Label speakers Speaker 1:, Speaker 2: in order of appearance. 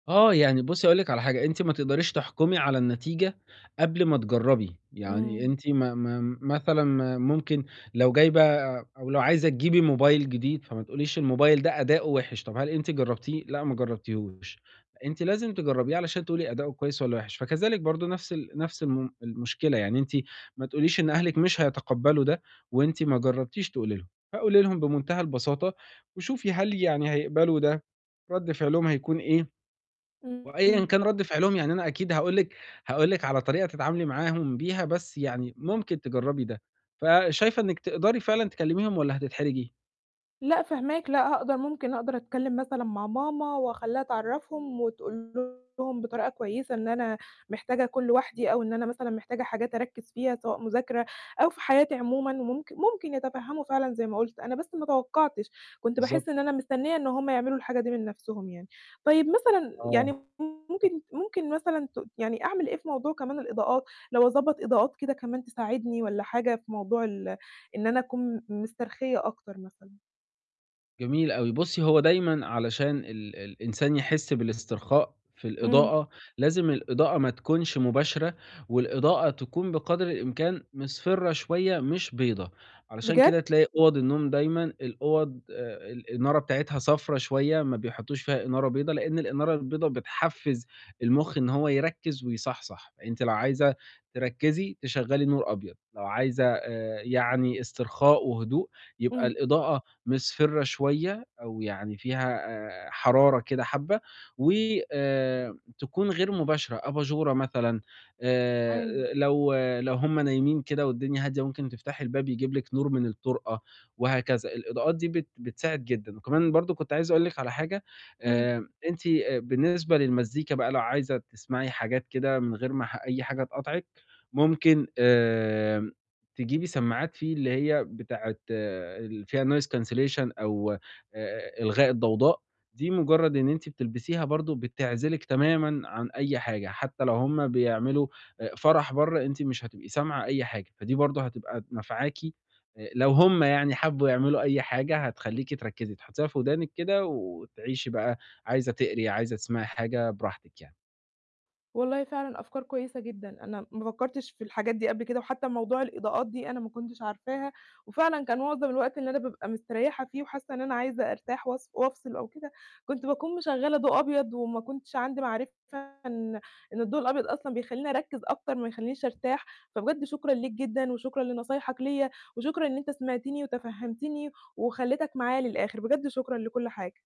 Speaker 1: آه، يعني بُصّي هاقول لِك على حاجة، أنتِ ما تقدريش تحكُمي على النتيجة قبل ما تجرّبي. يعني
Speaker 2: إمم.
Speaker 1: أنتِ ما ما مثلًا ما ممكن لو جايبة أو لو عايزة تجيبي موبايل جديد، فما تقوليش الموبايل ده أداؤه وِحِش، طَب هل أنتِ جرّبتيه؟ لأ ما جرّبتيهوش. أنتِ لازم تجرّبيه علشان تقولي أداؤه كويس والّا وِحِش. فكذلك برضه نَفْس ال نَفْس الم المشكلة، يعني أنتِ ما تقوليش إن أهلِك مش هيتقبَّلوا ده وأنتِ ما جرّبتيش تقولي لهم. فقولي لهم بمُنتهى البساطة وشوفي هل يعني هيقبلوا ده، رَد فعلهم هيكون إيه وأيًا
Speaker 2: إمم
Speaker 1: كان رَد فعلهم، يعني أنا أكيد هاقول لِك هاقول لِك على طريقة تتعاملي معاهم بيها، بس يعني ممكن تجرّبي ده. فشايفة إنِّك تقدري فعلًا تكلِّميهم والّا هتتحرجي؟
Speaker 2: لأ، فاهماك. لأ، هاقد ممكن أقدر أتكلِّم مثلًا مع ماما وأخلّيها تعرّفهم وتقول لهم بطريقة كويسة إن أنا محتاجة أكون لوحدي أو إن أنا مثلًا محتاجة حاجات أركِّز فيها سواء مذاكرة أو في حياتي عمومًا وممكن ممكن يتفهَّموا فعلًا زي ما قُلت. أنا بس ما توقَّعتش، كنت باحِس
Speaker 1: بالضبط.
Speaker 2: إن أنا مستنّية إن هم يعملوا الحاجة دي من نَفْسهم يعني. طيب مثلًا
Speaker 1: آه.
Speaker 2: يعني م ممكن ممكن مثلًا ت يعني أعمل إيه في موضوع كمان الإضاءات؟ لو أضبّط إضاءات كده كمان تساعدني والّا حاجة في موضوع ال إن أنا أكون م مسترخيّة أكتر مثلًا؟
Speaker 1: جميل أوي. بُصّي، هو دايمًا علشان ال ال الإنسان يحِس بالاسترخاء في
Speaker 2: إمم.
Speaker 1: الإضاءة، لازم الإضاءة ما تكونش مباشرة والإضاءة تكون بقدر الإمكان مِصْفِرة شوية مش بيضا. علشان
Speaker 2: بجد؟ّ!
Speaker 1: كده تلاقي أُوَض النوم دايمًا الأُوَض آآ الإنارة بتاعتها صفرا شوية، ما بيحطّوش فيها إنارة بيضا، لإن الإنارة البيضا بتحفِّز المُخ إن هو يركِّز ويصَحْصَح. أنتِ لو عايزة تركِّزي، تشغّلي نور أبيض، لو عايزة آآ يعني استرخاء وهدوء، يبقى
Speaker 2: إمم.
Speaker 1: الإضاءة مِصْفِرة شوية أو يعني فيها آآ حرارة كده حبّة وآآ تكون غير مباشرة، أباجورة مثلًا.
Speaker 2: أيوه.
Speaker 1: آآ لو لو هم نايمين كده والدنيا هادية، ممكن تفتحي الباب يجيب لكِ نور من الطُرقة وهكذا. الإضاءات دي بت بتساعد جدًا. وكمان برضه كنت عايز أقول لِك على حاجة،
Speaker 2: إمم.
Speaker 1: آآ أنتِ آآ بالنسبة للمزيكا بقى لو عايزة تسمعي حاجات كده من غير ما ح أي حاجة تقاطعِك، ممكن آآ تجيبي سماعات في اللي هي بتاعة اللي فيها noise cancellation أو آآ إلغاء الضوضاء، دي مُجرَّد إن أنتِ بتلبسيها برضه بتعزِلِك تمامًا عن أي حاجة، حتّى لو هم بيعملوا آآ فَرَح برّه، أنتِ مش هتبقي سامعة أي حاجة، فدي برضه هتبقى نافعاكِ. آآ لو هم يعني حبّوا يعملوا أي حاجة، هتخلّيكِ تركّزي، هتحُطّيها في ودانِك كده وتعيشي بقى، عايزة تقري، عايزة تسمعي حاجة براحتِك يعني.
Speaker 2: والله فعلًا أفكار كويسة جدًا. أنا ما فكّرتش في الحاجات دي قبل كده وحتّى موضوع الإضاءات دي أنا ما كنتش عارفاها وفعلًا كان معظم الوقت اللي أنا بابقى مستريّحة فيه وحاسّة إن أنا عايزة أرتاح وأص وأفصل أو كده، كنت باكون مِشغَّلة ضوء أبيض وما كنتش عندي معرفة إن إن الضوء الأبيض أصلًا بيخلّيني أركِّز أكتر ما يخلّينيش أرتاح. فبجد شكرًا ليك جدًا وشكرًا لنصايحك ليّا، وشكرًا إن أنت سمعتني وتفهَّمتني وخلّيتك معايا للآخِر، بجد شكرًا لكل حاجة.